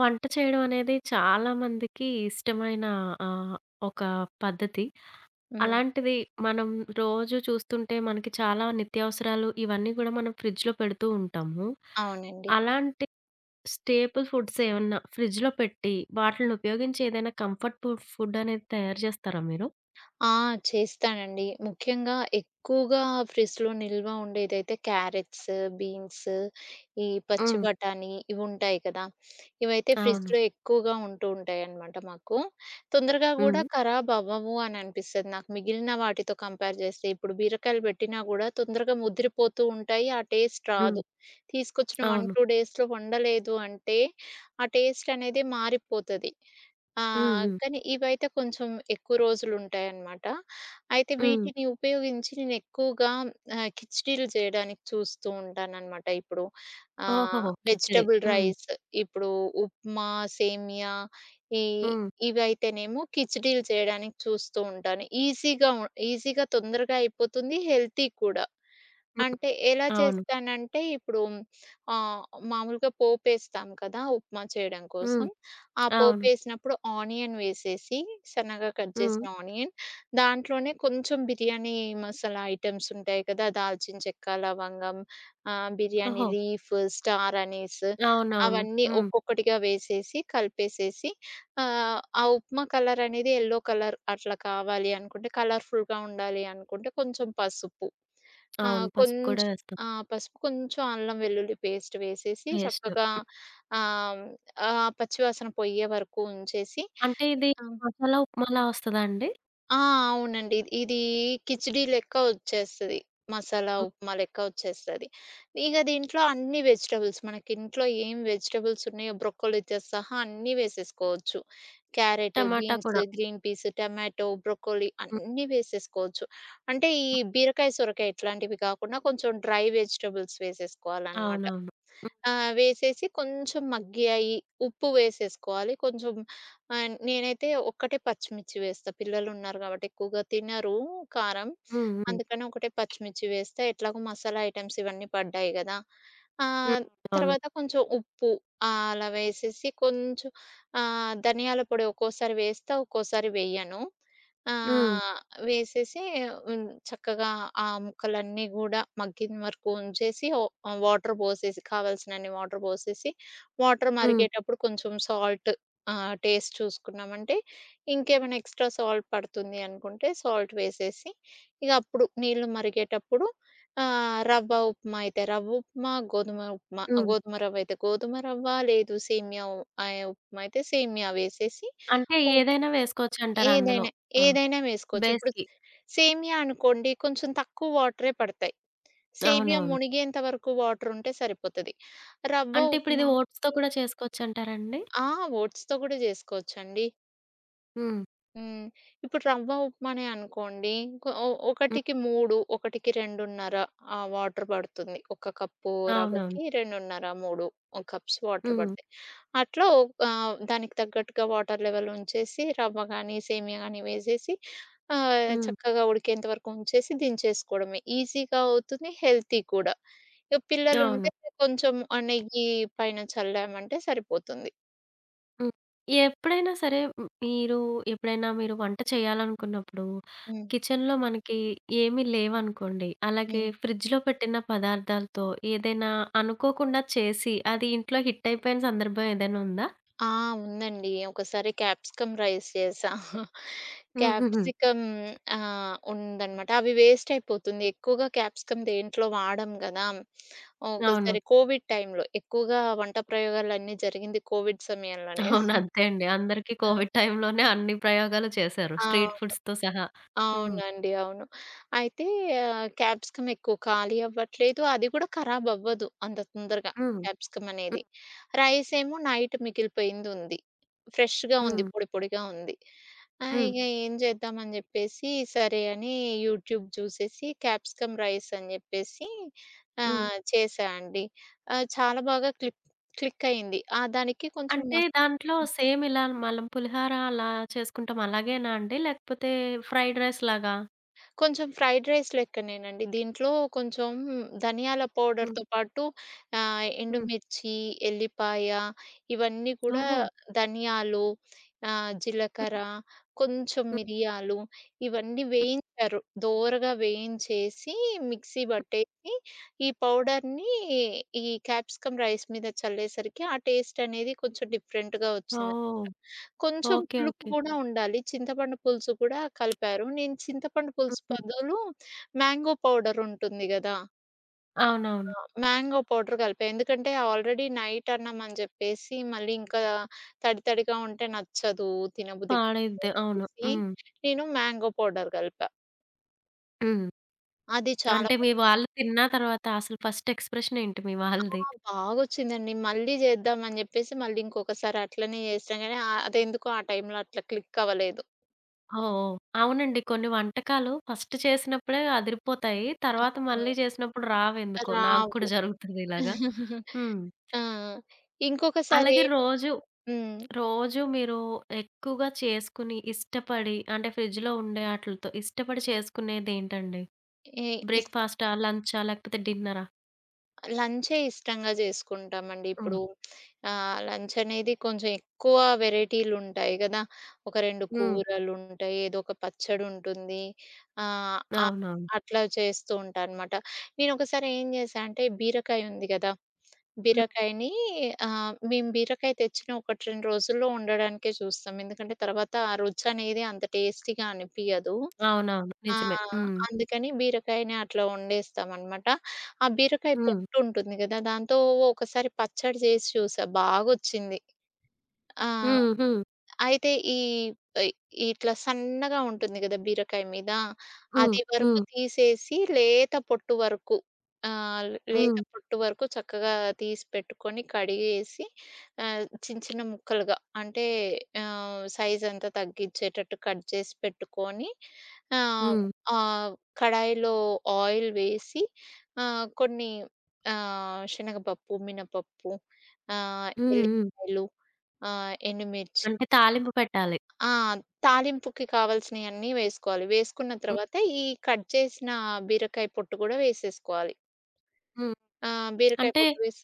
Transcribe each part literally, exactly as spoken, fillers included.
వంట చేయడమనేది చాలా మందికి ఇష్టమైన ఆహ్, ఒక పద్ధతి. హ్మ్. అలాంటిది మనం రోజు చూస్తుంటే మనకి చాలా నిత్యావసరాలు ఇవన్నీ గూడా మనం ఫ్రిడ్జ్‌లో పెడుతూ ఉంటాము. అవునండి. అలాంటి స్టేపుల్ ఫుడ్సేమన్నా ఫ్రిడ్జ్‌లో పెట్టి, వాటిలిని ఉపయోగించి ఏదైనా కంఫర్ట్‌ఫుల్ ఫుడ్ అనేది తయారు జేస్తారా మీరు? ఆ! చేస్తానండి. ముఖ్యంగా ఎక్కువగా ఫ్రిడ్జ్‌లో నిల్వ ఉండేదైతే క్యారెట్స్, బీన్స్ ఈ పచ్చి హ్మ్. బఠాణీ ఇవుంటాయి కదా! ఇవైతే అవును. ఫ్రిడ్జ్‌లో ఎక్కువగా ఉంటూ ఉంటాయనమాట మాకు. తొందరగా హ్మ్. గూడా ఖరాబ్ అవ్వవు అని అనిపిస్తది నాకు. మిగిలిన వాటితో కంపేర్ జేస్తే. ఇప్పుడు బీరకాయలు బేట్టినా గూడా తొందరగా ముద్రిపోతూ ఉంటాయి, ఆ టేస్ట్ హ్మ్. రాదు. తీసుకొచ్చిన వన్, అవును. టూ డేస్‌లో వండలేదు అంటే, ఆ టేస్టనేది మారిపోతది. హ్మ్. ఆహ్, హ్మ్. కానీ ఇవైతే కొంచెం ఎక్కువ రోజులుంటాయనమాట. అయితే హ్మ్. వీటిని ఉపయోగించి నేనేక్కువగా ఆహ్, ఖిచిడిలు చేయడానికి చూస్తూ ఉంటానన్నమాట. ఇప్పుడు ఆ! ఓహోహో! ఖిచిడి. వెజిటబుల్ హ్మ్. రైస్ ఇప్పుడు ఉప్మా, సేమియా ఈ హ్మ్. ఇవయితేనేమో ఖిచిడిలు చేయడానికి చూస్తూ ఉంటాను. ఈజీగా ఉన్ ఈజీగా తొందరగా అయిపోతుంది హెల్తీ కూడా. హ్మ్. అంటే ఎలా అవును. చేస్తానంటే, ఇప్పుడు ఆహ్, మామూలుగా పోపేస్తాం కదా! ఉప్మా చేయడం హ్మ్. కోసం. ఆ అవును. పోపేసినప్పుడు ఆనియన్ వేసేసి సన్నగా కట్ హ్మ్. జేసిన ఆనియన్ దాంట్లోనే కొంచెం బిర్యానీ మసాలా ఐటెమ్సుంటాయి కదా! దాల్చిన చెక్క, లవంగం ఆహ్, బిర్యానీ ఓహో! లీఫ్, స్టార్ అనిస్ అవునవును. అవన్నీ హ్మ్. ఒక్కొక్కటిగా వేసేసి, కలిపేసేసి, ఆహ్, ఆ ఉప్మా కలరనేది ఎల్లో కలర్ అట్లా కావాలి అనుకుంటే, కలర్‌ఫుల్‌గా ఉండాలి అనుకుంటే, కొంచెం పసుపు. ఆ! అవును. పసుపు కూడా కొంచెం వేస్తాం. ఆ! పసుపు ఆ కొంచెం అల్లం వెల్లుల్లి పేస్ట్ వేసేసి పేస్ట్. చక్కగా ఆహ్, ఆ పచ్చి వాసన పొయ్యేవరకు ఉంచేసి అంటే ఇది ఆ! మసాలా ఉప్మాలా వస్తదా అండి? ఆ! అవునండి. ఇద్ ఇది కిచిడీ లెక్క ఒచ్చేస్తది. మసాలా హ్మ్. ఉప్మా లెక్క ఒచ్చేస్తది. ఇగ దీంట్లో అన్ని వెజిటబుల్స్ మనకింట్లో ఏం వెజిటబుల్సున్నాయో బ్రొకొలీతో సహా అన్నీ వేసేసుకోవచ్చు. క్యారట్, టమాటా బీన్స్, కూడా? గ్రీన్ పీస్, టమాటో, బ్రొకొలీ హ్మ్. అన్నీ వేసేసుకోవచ్చు. అంటే ఈ హ్మ్. బీరకాయ, సొరకాయ ఇట్లాంటివి కాకుండా కొంచెం డ్రై వెజిటబుల్స్ వేసేసుకోవాలనమాట. అవునవును. హ్మ్. ఆహ్, వేసేసి కొంచెం మగ్గి అయి, ఉప్పు వేసేసుకోవాలి. కొంచెం ఆహ్, నేనైతే ఒక్కటే పచ్చిమిర్చి వేస్తా. పిల్లలున్నారు కాబట్టి ఎక్కువగా తినరు కారం. హ్మ్. హ్మ్. అందుకని ఒకటే పచ్చిమిర్చి వేస్తా ఎట్లాగో మసాలా ఐటెమ్స్ ఇవన్నీ పడ్డాయి గదా! హ్మ్. ఆహ్, అవును. తర్వాత కొంచెం ఉప్పు. ఆహ్, అలా వేసేసి, కొంచెం ఆహ్, ధనియాల పొడి ఒక్కోసారి వేస్తా, ఒక్కోసారి వేయను. హ్మ్. ఆహ్ వేసేసి, హ్మ్. చక్కగా ఆహ్, ముక్కలన్నీ గూడా మగ్గిన వరకు ఉంచేసి, ఓ ఆహ్, వాటర్ పోసేసి, కావాల్సినన్ని వాటర్ పోసేసి వాటర్ హ్మ్. మరిగేటప్పుడు కొంచెం సాల్ట్ ఆహ్, టేస్ట్ చూసుకున్నామంటే ఇంకేమైనా ఎక్స్ట్రా సాల్ట్ పడుతుంది అనుకుంటే సాల్ట్ వేసేసి ఇగప్పుడు నీళ్లు మరిగేటప్పుడు ఆహ్, రవ్వ ఉప్మా అయితే రవ్వ ఉప్మా, గోధుమ ఉప్మా ఆహ్, హ్మ్. గోధుమ రవ్వయితే గోధుమ రవ్వ లేదు సేమియా వు అయి ఉప్మా అయితే సేమియా వేసేసి అంటే ఉప్ ఏదైనా వేసుకోవచ్చంటారందులో. ఏదైనా ఆ! ఏదైనా వేసుకోవచ్చు. ఇప్పుడు బేస్‌కి. సేమియా అనుకోండి కొంచెం తక్కువ వాటరే పడతాయి. సేమియా అవునవును. మునిగేంత వరకు వాటరుంటే సరిపోతది. రవ్వ అంటే ఇప్పుడిది ఉప్మా ఓట్స్‌తో కూడా చేసుకోవచ్చంటారాండి? ఆ! ఓట్స్‌తో గూడా జేసుకోవచ్చండి. హ్మ్. హ్మ్. ఇప్పుడు రవ్వ ఉప్మనే అనుకోండి. ఒక ఒ హ్మ్. ఒకటికి మూడు, ఒకటికి రెండున్నర ఆహ్ వాటర్ పడుతుంది. ఒక కప్పు అవునవును. రవ్వకి, రెండున్నర మూడు కప్స్ వాటర్ హ్మ్. పడతాయి. అట్లో ఒక్ ఆహ్ దానికి తగ్గట్టుగా వాటర్ లెవెల్ ఉంచేసి, రవ్వ గానీ, సేమియా గానీ వేసేసి ఆహ్, హ్మ్. చక్కగా ఉడికేంత వరకు ఉంచేసి దించేసుకోవడమే. ఈజీగా అవుతుంది, హెల్తీ కూడా. ఇగా పిల్లలుంటే అవును. కొంచెం ఆహ్, నెయ్యి పైన చల్లామంటే సరిపోతుంది. హ్మ్. ఎప్పుడైనా సరే హ్మ్ మీరు ఎప్పుడైనా మీరు వంట చేయాలనుకున్నప్పుడు హ్మ్. కిచెన్‌లో మనకి ఏమీ లేవనుకోండి, అలాగే హ్మ్. ఫ్రిడ్జ్‌లో పెట్టిన పదార్థాలతో ఏదైనా అనుకోకుండా చేసి అది ఇంట్లో హిట్ అయిపోయిన సందర్భం ఏదైనా ఉందా? ఆ! ఉందండి. ఒకసారి క్యాప్సికం రైస్ చేసా. హుహుహు. క్యాప్సికం ఆహ్, ఉందనమాట. అవి వేస్టైపోతుంది ఎక్కువగా క్యాప్సికం దేంట్లో వాడం గాదా! అవును. ఒకసారి కోవిడ్ టైమ్‌లో ఎక్కువగా వంట ప్రయోగాలన్నీ జరిగింది కోవిడ్ సమయంలోనే. అవును. అంతే అండి. అందరికి హ్మ్. కోవిడ్ టైమ్‌లోనే అన్ని ప్రయోగాలు చేసారు. ఆ! స్ట్రీట్ అవును. ఫుడ్స్‌తో సహా! హ్మ్. అవునండి అవును. అయితే క్యాప్సికం ఎక్కువ ఖాళీ అవ్వట్లేదు అది గూడా ఖరాబ్ అవ్వదు అంత తొందరగా హ్మ్. క్యాప్సికమనేది. హ్మ్. రైస్ ఏమో నైట్ మిగిలిపోయిందుంది. ఫ్రెష్‌గా ఉంది హ్మ్. పొడిపొడిగా ఉంది. ఆహ్, హ్మ్. ఇగా ఏం జేద్దామని జేప్పేసి, సరే అని, యూట్యూబ్ జూసేసి క్యాప్సికం రైసని జేప్పేసి హ్మ్. ఆహ్, చేసా అండి. ఆహ్ చాలా బాగా క్లిక్, క్లికయ్యింది. ఆహ్ దానికి కొంచెం అంటే మస్ దాంట్లో సేమ్ ఇలా మలం పులిహోర అలా చేసుకుంటాం అలాగేనాండి లేకపోతే ఫ్రైడ్ రైస్‌ లాగా? కొంచెం ఫ్రైడ్ రైస్ లెక్కనేనండి. దీంట్లో కొంచెం ధనియాల హ్మ్. పౌడర్‌తో పాటు ఆహ్ హ్మ్. ఎండుమిర్చి, ఎల్లిపాయ ఇవన్నీ కూడా ఓహో! ధనియాలు ఆహ్, హ్మ్. జీలకర్ర కొంచెం హ్మ్. మిరియాలు ఇవన్నీ హ్మ్. వేయించారు. దోరగా వేయించేసి, మిక్సీ హ్మ్. బట్టేసి, ఈ పౌడర్‌ని, ఈ క్యాప్సికం రైస్ మీద చల్లేసరికి ఆ టేస్టనేది కొంచెం డిఫరెంట్‌గా ఒచ్చిందనామాట. వావ్! కొంచెం ఓకే. పులుపు ఓకే. గూడా ఉండాలి. చింతపండు పులుసు కూడా కలిపారు. నేను చింతపండు పులుసు హుహు. పదులు మ్యాంగో పౌడర్ ఉంటుంది గదా! అవునవును. ఆ! మ్యాంగో పౌడర్ కలిపా. ఎందుకంటే ఆల్రెడీ నైటన్నం అని జేప్పేసి మళ్ళీ ఇంకా తడి తడిగా ఉంటే నచ్చదు, తినబుద్ధి కాదు పాడైద్ది. అని అవును. జెప్పేసి హ్మ్. నేను మ్యాంగో పౌడర్ గలిపా. హ్మ్. అది చాలా అంటే బా మీ వాళ్ళు తిన్న తర్వాత అసలు ఫస్ట్ ఎక్స్ప్రెషనేంటి మీ ఆ! వాళ్ళది? బాగొచ్చిందండి. మళ్ళీ జేద్దాం అని జేప్పేసి మళ్ళీ ఇంకొకసారి అట్లనే జేసిన గానీ ఆహ్, అదేందుకో ఆ టైంలో అట్లా క్లిక్ అవ్వలేదు. ఓహో! అవునండి. కొన్ని వంటకాలు ఫస్ట్ చేసినప్పుడే అదిరిపోతాయి. తర్వాత హ్మ్. మళ్ళీ జేసినప్పుడు రావేందుకో నాకు కూడా రావు. జరుగుతుందిలాగా. హ్మ్. ఆ! ఇంకొకసారి అలాగే ఏం రోజు, హ్మ్. రోజు మీరు ఎక్కువగా చేసుకుని ఇష్టపడి అంటే ఫ్రిడ్జ్‌లో ఉండే అటిలతో, ఇష్టపడి చేసుకునేదేంటండి? ఎ ఇస్ బ్రేక్‌ఫస్టా, లంచా లేకపోతే డిన్నరా? లంచే ఇష్టంగా జేసుకుంటామండి. హ్మ్. ఇప్పుడు ఆహ్, లంచనేది కొంచెం ఎక్కువ వెరైటీలుంటాయి గదా! ఒక రెండు హ్మ్. కూరలుంటాయి, ఏదోక పచ్చడుంటుంది. ఆహ్, అ అవునవును. అట్లా చేస్తూ ఉంటానుమాట. నేను ఒకసారి ఏం జేశా అంటే బీరకాయ ఉంది గదా! హ్మ్. బీరకాయని ఆహ్, మేము బీరకాయ తెచ్చిన ఒకటి, రెండు రోజుల్లో వండడానికే చూస్తాం ఎందుకంటే తర్వాత ఆ రుచినేది అంత టేస్టీగా అనిపియదు. అవునవును. నిజమే. ఆహ్, హ్మ్. అందుకని బీరకాయని అట్లా ఒండేస్తామనమాట. ఆ బీరకాయ హ్మ్ పొట్టు ఉంటుంది గదా! దాంతో ఒకోకసారి పచ్చడి జేసి చూసా బాగోచ్చింది. ఆ! హ్మ్. హ్మ్. అయితే ఈ పై ఈ ఇట్లా సన్నగా ఉంటుంది గదా! బీరకాయ మీద, హ్మ్. అది వరకు హ్మ్. తీసేసి లేత పొట్టు వరకు, ఆహ్, లేత హ్మ్. పొట్టు వరకు చక్కగా తీసిపెట్టుకొని, కడిగేసి, ఆహ్, చిన్న చిన్న ముక్కలుగా, అంటే ఆహ్, సైజంతా తగ్గించేటట్టు కట్ జేసి పెట్టుకొని ఆహ్, హ్మ్. ఆహ్, కడాయిలో ఆయిల్ వేసి ఆహ్, కొన్ని ఆహ్, శనగపప్పు, మినపప్పు ఆహ్, హ్మ్. హ్మ్. ఎల్లికాయలు ఆహ్, ఎండుమిర్చి అంటే తాలింపు పెట్టాలి? ఆ! తాలింపుకి కావాల్సియన్నీ వేసుకోవాలి. వేసుకున్న హ్మ్. తర్వాత ఈ కట్ జేసిన బీరకాయ పొట్టు గూడా వేసేసుకోవాలి. హ్మ్. ఆహ్, బీరకాయ అంటే పొట్టు వేసి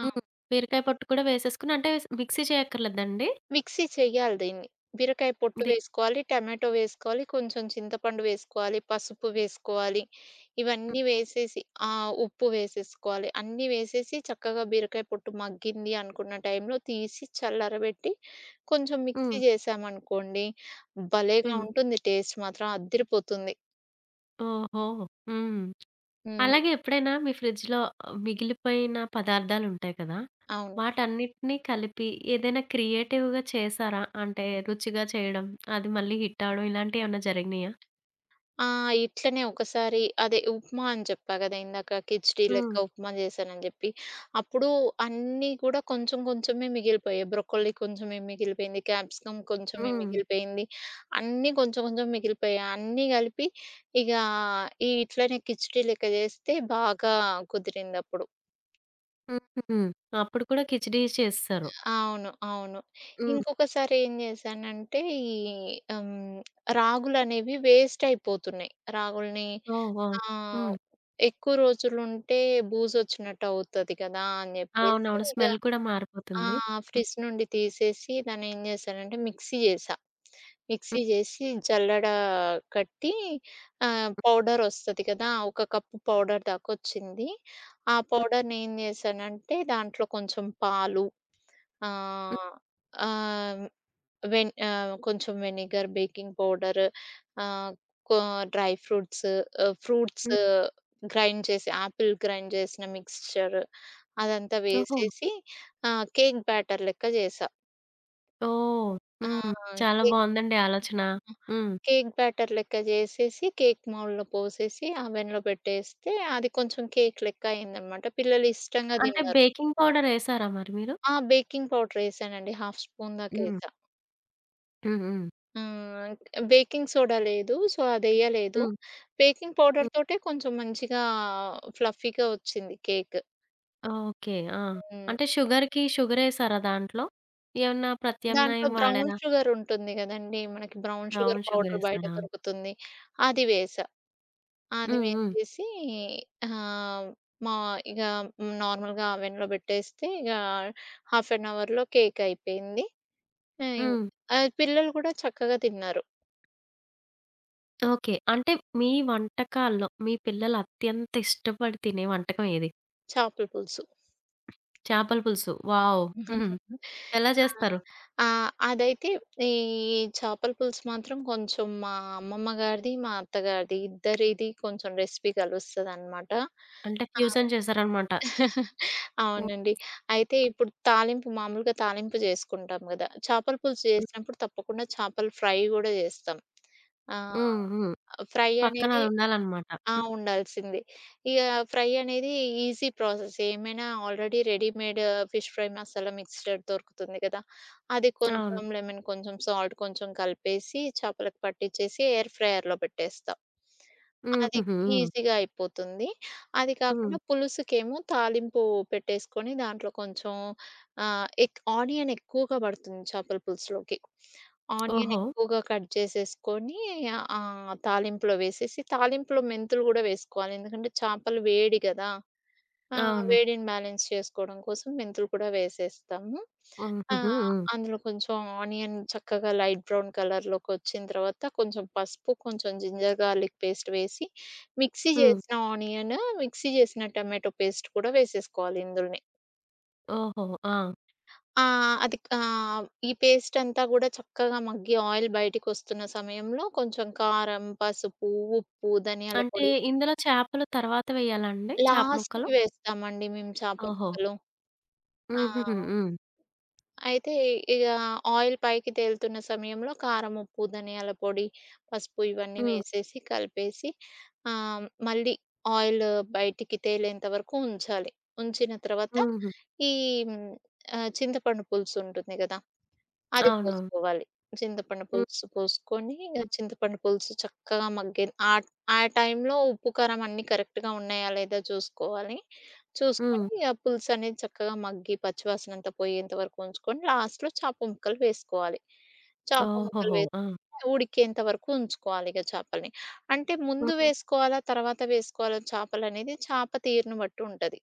ఆ! హ్మ్. బీరకాయ పొట్టు కూడా వేసేసుకొని అంటే మిక్సీ చేయక్కర్లేదండి? మిక్సీ చెయ్యాలి దీన్ని. బీరకాయ పొట్టు ది వేసుకోవాలి, టమాటో వేసుకోవాలి, కొంచెం చింతపండు వేసుకోవాలి, పసుపు వేసుకోవాలి హ్మ్. ఇవన్నీ వేసేసి ఆహ్, ఉప్పు వేసేసుకోవాలి. అన్నీ వేసేసి చక్కగా బీరకాయ పొట్టు మగ్గింది అనుకున్న టైంలో తీసి చల్లరబెట్టి కొంచెం మిక్సీ హ్మ్. జేశామనుకోండి భలేగా హ్మ్. ఉంటుంది టేస్ట్ మాత్రం అద్దిరిపోతుంది. ఓహో! హ్మ్. హ్మ్. అలాగే ఎప్పుడైనా మీ ఫ్రిడ్జ్‌లో మిగిలిపోయిన పదార్థాలుంటాయి కదా! అవును. వాటన్నిటిని కలిపి ఏదైనా క్రియేటివ్‌గా చేసారా? అంటే రుచిగా చేయడం అది మళ్ళీ హిట్ అవ్వడం ఇలాంటివి ఏమైనా జరిగినాయా? ఆ! ఇట్లనే ఒకసారి అదే ఉప్మా అని జెప్పా గదా! ఇందాక కిచిడీ లెక్క హ్మ్. ఉప్మా జేసానని జెప్పి, అప్పుడు అన్నీ కూడా కొంచెం కొంచెమే మిగిలిపోయాయి. బ్రొక్కోలీ కొంచెమే మిగిలిపేంది, క్యాప్సికం కొంచెమే హ్మ్. మిగిలిపేంది, అన్నీ కొంచెం కొంచెం మిగిలిపోయాయి. అన్నీ గలిపి ఇక ఈ ఇట్లనే కిచిడీ లెక్క జేస్తే బాగా కుదిరిందప్పుడు. హుహుహు. అప్పుడు కూడా కిచిడీయె చేసేసారు? అవును. అవును. హ్మ్. ఇంకొకసారి ఏం జేసానంటే ఈ హ్మ్. రాగులనేవి వేస్ట్ అయిపోతున్నాయి. రాగులని ఓహో! ఆహ్, హ్మ్. ఎక్కువ రోజులుంటే బూజోచ్చినట్టు అవుతది గదా! అని జేప్పేసి అవునవును. ఇగా స్మెల్ కూడా మారిపోతుంది. ఆహ్, హ్మ్. ఫ్రిడ్జ్ నుండి తీసేసి దాన్ని ఏం జేసానంటే మిక్సీ జేసా. హ్మ్. మిక్సీ జేసి, జల్లడ కట్టి, ఆహ్, హ్మ్. పౌడరోస్తది గదా! ఒక కప్పు పౌడర్ దాకొచ్చింది. ఆ హ్మ్. పౌడర్‌ని ఏం జేసానంటే, దాంట్లో కొంచెం పాలు, హ్మ్. ఆహ్, ఆహ్, వెన్ ఆహ్ కొంచెం వెనిగర్, బేకింగ్ పౌడర్ ఆహ్, కొ డ్రై ఫ్రూట్స్, ఆహ్, ఫ్రూట్స్, హ్మ్. గ్రైండ్ చేసి ఆపిల్ గ్రైండ్ జేసిన మిక్స్చర్ అదంతా ఓహో! వేసేసి ఆహ్, కేక్ బ్యాటర్ లెక్క జేసా. ఓహ్! ఆ! హ్మ్. చాలా కేక్ బావుందండి ఆలోచన. ఆహ్, ఇ హ్మ్. కేక్ బ్యాటర్ లెక్క జేసేసి కేక్ మౌల్లో పోసేసి అవెన్‌లో పెట్టేస్తే అది కొంచెం కేక్ లెక్క అయిందన్నమాట. పిల్లలు ఇష్టంగా అంటే దిన్నరు. బేకింగ్ పౌడరేసారా మరి మీరు? ఆ! బేకింగ్ పౌడరేసానండి హాఫ్ స్పూన్ దాక హ్మ్. ఏసా. హ్మ్. హ్మ్. హ్మ్. బేకింగ్ సోడా లేదు, సో అదెయ్యలేదు. హ్మ్. బేకింగ్ హ్మ్. పౌడర్‌తోటే కొంచెం మంచిగా, ఫ్లఫీగా ఒచ్చింది కేక్. ఓకే. ఆ! హ్మ్. అంటే షుగర్‌కి షుగరేసారా దాంట్లో? ఏమన్నా దాంట్లో ప్రత్యామ్నాయం బ్రౌన్ వాడారా? షుగర్ ఉంటుంది గదండీ! మనకి బ్రౌన్ షుగర్ బ్రౌన్ పౌడర్ బయట షుగరేసరా! దొరుకుతుంది అది వేసా. అది హ్మ్. హ్మ్. వేసేసి, హా! మా ఇగ నార్మల్‌గా అవెన్‌లో పెట్టేస్తే ఇగ హాఫ్ అన్ అవర్‌లో కేక్ అయిపోయింది. హ్మ్ ఇంక్ హ్మ్. పిల్లలు గూడా చక్కగా తిన్నారు. ఓకే. అంటే మీ వంటకాల్లో, మీ పిల్లలు అత్యంత ఇష్టపడి తినే వంటకం ఏది? చాపల పులుసు. చాపల పులుసు. వావ్! ఎలా ఆ! జేస్తారు? ఆ! అదైతే ఈ చాపల పులుసు మాత్రం కొంచెం మా అమ్మమ్మ గారిది, మా అత్తగారిది ఇద్దరిది కొంచెం రెసిపీ కలుస్తదన్నమాట. అంటే ఆ! ఫ్యూజన్ చేశారన్నమాట. హ్మ్. అవునండి. అయితే ఇప్పుడు తాలింపు మామూలుగా తాలింపు జేసుకుంటాం గదా చేపల పులుసు హ్మ్. జేసినప్పుడు తప్పకుండా చేపల ఫ్రై గూడా జేస్తాం. ఆ! హ్మ్. హ్మ్. ఫ్రై పక్కన అనేది అదుండాలన్నమాట. ఆ! హ్మ్. ఉండాల్సిందే. ఇగ ఫ్రై అనేది ఈజీ ప్రాసెసేమైనా. Already readymade fish fry masala mixed దొరుకుతుంది గదా! అది అవును. కొంచెం, లెమన్ కొంచెం, సాల్ట్ కొంచెం, కలిపేసి చేపలకు పట్టించేసి ఎయిర్ ఫ్రైయర్‌లో పెట్టేస్తా, హ్మ్. అది హుహు. హ్మ్. ఈజీగా అయిపోతుంది. అది హ్మ్. కాకుండా పులుసుకేమో తాలింపు పెట్టేసుకొని దాంట్లో కొంచెం ఆహ్, ఎక్ ఆనియన్ ఎక్కువగా బడుతుంది చేపల పులుసులోకి. ఆనియన్ ఓహో! ఎక్కువగా కట్ జేసేసుకొని ఆహ్, ఆ తాలింపులో వేసేసి, తాలింపులో మెంతులు గూడా వేసుకోవాలి. ఎందుకంటే, చేపలు వేడి గదా! ఆ! అవును. వేడిని బ్యాలెన్స్ చేసుకోవడం కోసం మెంతులు కూడా వేసేస్తాము. హ్మ్. ఆ! హుహు. హ్మ్. అందులో కొంచెం ఆనియన్ చక్కగా లైట్ బ్రౌన్ కలర్‌లోకొచ్చిన తర్వాత కొంచెం పసుపు, కొంచెం జింజర్ గార్లిక్ పేస్ట్ వేసి, మిక్సీ హ్మ్. జేసిన ఆనియన్, మిక్సీ జేసిన టమాటో పేస్ట్ కూడా వేసేసుకోవాలి ఇందులోనే. ఓహో! ఆ! ఆ! అది కా ఈ పేస్టంతా గూడా చక్కగా మగ్గి ఆయిల్ బయటికొస్తున్న సమయంలో కొంచెం కారం, పసుపు, ఉప్పు, ధనియాల అంటే పొడి ఇందులో చేపలు తర్వాత వేయాలండి? చేప ముక్కలు. లాస్ట్‌కి వేస్తామండి మేము చాప ఓహో! ముక్కలు. ఆ! హుహుహు. హ్మ్. అయితే ఇగా ఆయిల్ పైకి తేలుతున్న సమయంలో కారం, ఉప్పు, ధనియాల పొడి, పసుపు ఇవన్నీ హ్మ్. వేసేసి కలిపేసి ఆహ్, మళ్ళీ ఆయిలు బయటికి తేలేంత వరకు ఉంచాలి. ఉంచిన తర్వాత హుహు. ఈ ఆహ్, చింతపండు పులుసుంటుంది గదా! అది అవునవును. పోసుకోవాలి. చింతపండు హ్మ్. పులుసు పోసుకొని ఇగ హ్మ్. చింతపండు పులుసు చక్కగా మగ్గే ఆ ఆ టైంలో ఉప్పు, కారం అన్నీ కరెక్ట్‌గా ఉన్నాయా లేదా జూసుకోవాలి హ్మ్. చూసుకొని ఆహ్, పులుసనేది చక్కగా మగ్గి పచ్చివాసన అంత పోయేంత వరకు ఉంచుకొని లాస్ట్‌లో చేప ముక్కలు వేసుకోవాలి. చేప ముక్కలు ఓహోహో! వేసి ఆ! ఉడికేంత వరకు ఉంచుకోవాలి ఇగా చేపల్ని. అంటే ముందు హ్మ్. వేసుకోవాలా, తర్వాత వేసుకోవాలా చేపలనేది చాప తీరును బట్టి ఉంటది.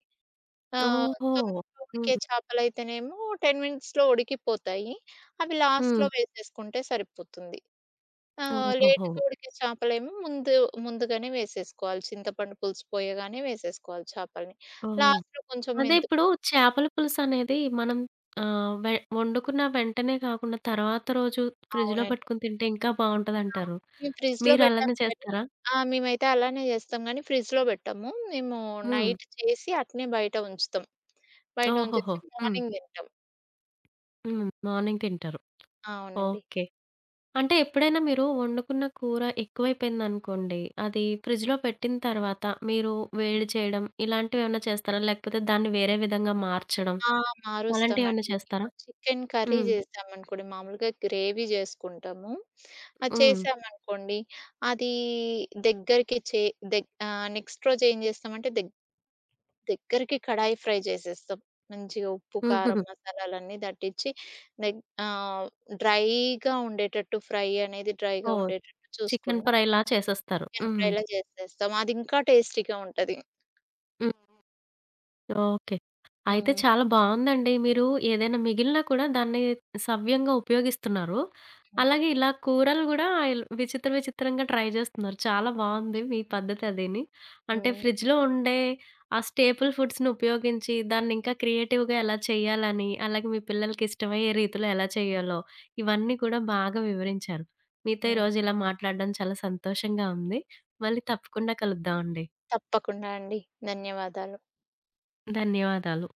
ఆహ్, ఓహో! తొందరగా ఉడికే హ్మ్. చేపలయితేనేమో టెన్ మినిట్స్‌లో ఉడికిపోతాయి అవి లాస్ట్‌లో హ్మ్. వేసేసుకుంటే సరిపోతుంది. ఆ! ఓహోహో! లేట్‌గా ఉడికే చేపలేమో ముందు ముందుగానే వేసేసుకోవాలి చింతపండు పులుసు పోయగానే వేసేసుకోవాలి చేపల్ని. ఓహ్! లాస్ట్‌లో కొంచెం అదే మెంతు ఇప్పుడు చేపల పులుసనేది మనం ఆహ్, వే వండుకున్న వెంటనే గాకుండా తర్వాత రోజు ఫ్రిడ్జ్‌లో అవునండి. పెట్టుకొని తింటే ఇంకా ఆ! బావుంటదంటారు. మేము ఫ్రిడ్జ్‌లో మీరు అలానే బెట్టము గని చేస్తారా? ఆ! మేమైతే అలానే జేస్తాం గనీ ఫ్రిడ్జ్‌లో బెట్టము. మేము హ్మ్. నైట్ చేసి అట్నే బయట ఉంచుతాం. బయట ఓహోహో! ఉంచేసి హ్మ్. మార్నింగ్ దింటాం. హ్మ్ మార్నింగ్ తింటారు. అవునండి. ఓకే. అంటే ఎప్పుడైనా మీరు వండుకున్న కూర ఎక్కువైపోయిందనుకోండి. అది ఫ్రిడ్జ్‌లో పెట్టిన తర్వాత, మీరు వేడి చేయడం ఇలాంటివేమన్నా చేస్తారా? లేకపోతే దాన్ని వేరే విధంగా మార్చడం ఆహ్, అలాంటివేమన్నా మారుస్తామండి. చేస్తారా? ఇప్పుడు చికెన్ కర్రీ హ్మ్. జేశామనుకోండి. మామూలుగా గ్రేవీ జేసుకుంటాము. అది హ్మ్. చేశామనుకోండి. అదీ దెగ్గరికి చే దెగ్ ఆహ్, నెక్స్ట్ రోజేం జేస్తామంటే దెగ్ దెగ్గరకి కడాయి ఫ్రై జేసేస్తాం. మంచిగా ఉప్పు, కారం హుహుహు. మసాలాలన్నీ దట్టించి దెగ్ ఆహ్, డ్రైగా ఉండేటట్టు ఫ్రై అనేది డ్రైగా ఓహ్! ఉండేటట్టు చికెన్ చూసుకుంటాం. ఫ్రై‌లా చేసేస్తారు చికెన్ హ్మ్. ఫ్రైలా చేసేస్తాం. అది ఇంకా టేస్టీగా ఉంటది. హ్మ్. ఓకే. అయితే హ్మ్. చాలా బావుందండి. మీరు ఏదైనా మిగిలినా కూడా దాన్ని సవ్యంగా ఉపయోగిస్తున్నారు. అలాగే ఇలా కూరలు గూడా ఇల్ విచిత్ర విచిత్రంగా ట్రై జేస్తున్నారు. చాలా బావుంది మీ పద్ధతి అదిని. అంటే హ్మ్. ఫ్రిడ్జ్‌లో ఉండే ఆ స్టేపుల్ ఫుడ్స్‌నుపయోగించి దాన్ని ఇంకా క్రియేటివ్‌గా ఎలా చేయాలని, అలాగే మీ పిల్లలకి ఇష్టమయ్యే రీతిలో ఎలా చేయాలో, ఇవన్నీ కూడా బాగా వివరించారు. మీతో హ్మ్. ఈరోజు ఇలా మాట్లాడడం చాలా సంతోషంగా ఉంది. మళ్ళీ తప్పకుండా కలుద్దాం అండి. తప్పకుండా అండి. ధన్యవాదాలు. ధన్యవాదాలు.